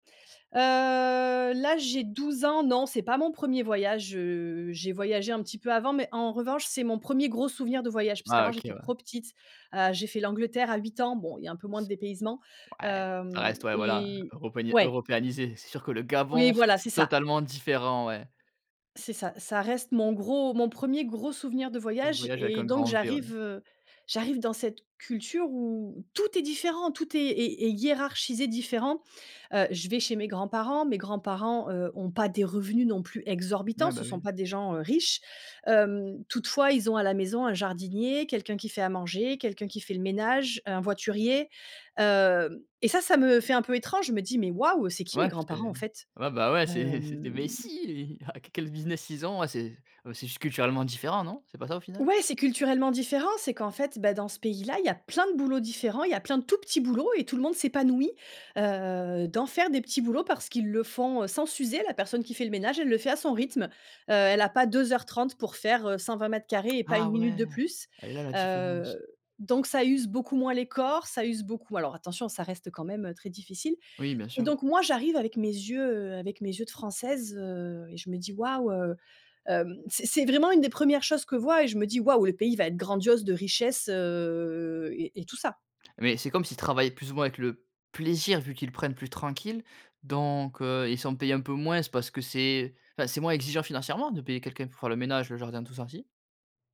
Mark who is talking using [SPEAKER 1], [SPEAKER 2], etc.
[SPEAKER 1] Heu, là, j'ai 12 ans, non c'est pas mon 1er voyage, heu, j'ai voyagé un petit peu avant mais en revanche, c'est mon 1er gros souvenir de voyage parce
[SPEAKER 2] Ah
[SPEAKER 1] qu'avant,
[SPEAKER 2] OK,
[SPEAKER 1] j'étais
[SPEAKER 2] ouais.
[SPEAKER 1] trop petite. Heu, j'ai fait l'Angleterre à 8 ans. Bon il y a un peu moins de dépaysement.
[SPEAKER 2] Ouais, ça
[SPEAKER 1] Hem,
[SPEAKER 2] reste, ouais, voilà,
[SPEAKER 1] et
[SPEAKER 2] europanié
[SPEAKER 1] ouais!
[SPEAKER 2] européanisé. C'est sûr que le
[SPEAKER 1] Oui,
[SPEAKER 2] Gabon, c
[SPEAKER 1] voilà, c'est
[SPEAKER 2] c'est
[SPEAKER 1] ça.
[SPEAKER 2] totalement différent, ouais.
[SPEAKER 1] C'est ça, ça reste mon gros mon 1er gros souvenir de
[SPEAKER 2] Un
[SPEAKER 1] voyage
[SPEAKER 2] voyage avec
[SPEAKER 1] et
[SPEAKER 2] un
[SPEAKER 1] donc
[SPEAKER 2] grand V, ouais.
[SPEAKER 1] j'arrive, heu, j'arrive dans cette culture où tout est différent, tout est est est hiérarchisé, différent. Heu, je vais chez mes grands-parents. Mes grands-parents, heu, ont pas des revenus non plus exorbitants,
[SPEAKER 2] Mouais,
[SPEAKER 1] ce
[SPEAKER 2] bah,
[SPEAKER 1] sont
[SPEAKER 2] oui.
[SPEAKER 1] pas des gens, heu, riches. Hem, toutefois, ils ont, à la maison, un jardinier, quelqu'un qui fait à manger, quelqu'un qui fait le ménage, heu, un voiturier. Hem et ça, ça me fait un peu étrange, je me dis: «Mais waouh! c'est qui mes
[SPEAKER 2] Ouais, c'est
[SPEAKER 1] grands-parents, en fait»?
[SPEAKER 2] ouais, bah, ouais, c'est c'est des
[SPEAKER 1] Hem
[SPEAKER 2] messies, ah qu quel business ils ont? Ouais c'est bah, c'est juste culturellement différent non? C'est pas ça, au final?
[SPEAKER 1] Ouais, c'est culturellement différent. C'est qu'en fait, bah, dans ce pays-là, il y a plein de boulots différents, il y a plein de tout petits boulots et tout le monde s'épanouit, heu, d'en faire, des petits boulots, parce qu'ils le font, heu, sans s'user. La personne qui fait le ménage, elle le fait à son rythme. Heu, elle a pas 2 heures 30 pour faire, heu, 120 m2 et pas
[SPEAKER 2] Ah
[SPEAKER 1] une minute
[SPEAKER 2] ouais,
[SPEAKER 1] de plus.
[SPEAKER 2] elle est là, la différence.
[SPEAKER 1] Heu, donc ça use beaucoup moins les corps, ça use beaucoup alors attention, ça reste, heu, quand même, heu, très difficile
[SPEAKER 2] Oui, bien
[SPEAKER 1] et
[SPEAKER 2] sûr.
[SPEAKER 1] donc moi, j'arrive avec mes yeux, heu, avec mes yeux de Française, heu, et je me dis: «Waouh!» heu, hem c'est c'est vraiment une des 1res choses que vois et je me dis: «Waouh, le pays va être grandiose de richesse» heu et et tout ça.
[SPEAKER 2] Mais c'est comme s'ils travaillaient plus ou moins avec le plaisir, vu qu'ils le prennent plus tranquille. Donc, heu, ils sont payés un peu moins, parce que c'est enfin, c'est moins exigeant financièrement de payer quelqu'un pour faire le ménage, le jardin tout ça, si?